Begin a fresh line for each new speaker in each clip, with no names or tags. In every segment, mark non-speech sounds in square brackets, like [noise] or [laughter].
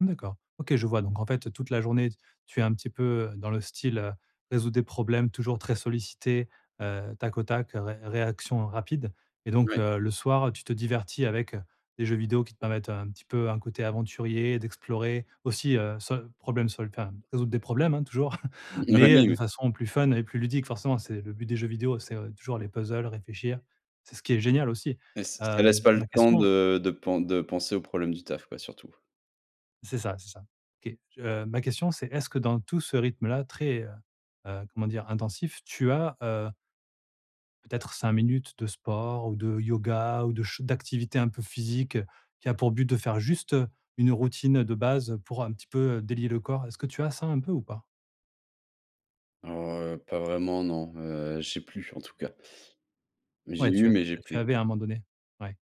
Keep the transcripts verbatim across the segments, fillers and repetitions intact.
D'accord. OK je vois. Donc, en fait, toute la journée, t tu es un petit peu, heu, dans le style, heu, résoudre des problèmes, toujours très sollicité, heu, tac au tac, ré réaction rapide. Et donc,
Ouais.
heu, le soir, tu te divertis avec des jeux vidéos qui te permettent un petit peu un côté aventurier, d'explorer aussi, heu, sol problème sol enfin, résoudre des problèmes, hein, toujours, [chuckles]
[chuckles]
mais, heu,
Oui,
de
oui.
façon plus fun et plus ludique. Forcément, c'est le but des jeux vidéos, c'est toujours les puzzles, réfléchir. C'est ce qui est génial aussi.
Ç ça laisse
Hem,
pas le
ma
temps
question
de de pen de penser aux problèmes du taf, quoi, surtout.
C'est ça, c'est ça. Qué heu, ma question, c'est, est-ce que dans tout ce rythme-là très, heu, heu, comment dire? Intensif, tu as, heu peut-être cinq minutes de sport ou de yoga ou de ch d'activités un peu physiques qui a pour but de faire juste, heu, une routine de base pour, un petit peu, délier le corps? Est-ce que tu as ça, un peu, ou pas?
Alors heu, pas vraiment non. Heu, j'ai plus, en tout cas. Mais, j'ai
Ouais, tu
eu,
a
mais j'ai
tu
plus.
avais à un moment donné. Ouais.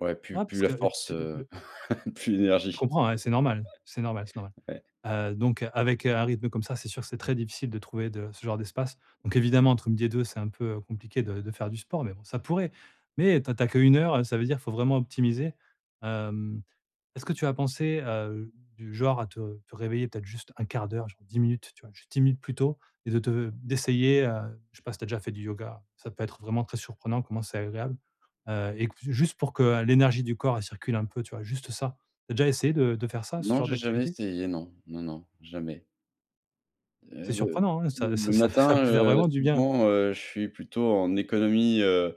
Ouais, plus
Ah
plus
parce
la
que, heu,
force,
tu
heu,
le
[laughs] plus
Je
l'énergie.
comprends, ouais, c'est normal. C'est normal, c'est normal.
[laughs] Ouais.
Heu, donc, avec un rythme comme ça, c'est sûr que c'est très difficile de trouver de ce genre d'espace. Donc évidemment, entre midi et deux, c'est un peu, heu, compliqué de de faire du sport, mais bon, ça pourrait. Mais, tu as tu as qu'une heure, ça veut dire qu'il faut vraiment optimiser. Hem, est-ce que tu as pensé à, heu, du genre à te te réveiller, peut-être, juste un quart d'heure, genre dix minutes, tu vois, juste dix minutes plus tôt et de te d'essayer, heu, je sais pas si tu as déjà fait du yoga? Ça peut être vraiment très surprenant comment c'est agréable, heu, et qu juste pour que l'énergie du corps, elle circule un peu, tu vois, juste ça. Tu as déjà essayé de de faire ça, ce
Non,
genre
j'ai jamais
d'activité?
essayé, non. Non, non, jamais.
C'est
Heu, le
surprenant, hein.
l
Ça
le
ça ça [chuckles] ça
matin,
peut faire
heu,
vraiment du bien.
souvent, heu, je suis plutôt en économie, heu,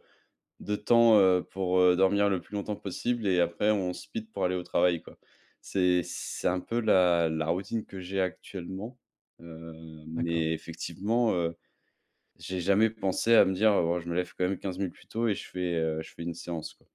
de temps, heu, pour, heu, dormir le plus longtemps possible et après on speed pour aller au travail, quoi. C'est c'est un peu la la routine que j'ai actuellement, heu,
D'accord.
mais effectivement, heu, j'ai jamais pensé à me dire: «Oh ouais, je me lève quand même quinze minutes plus tôt et je fais, heu, je fais une séance, quoi.»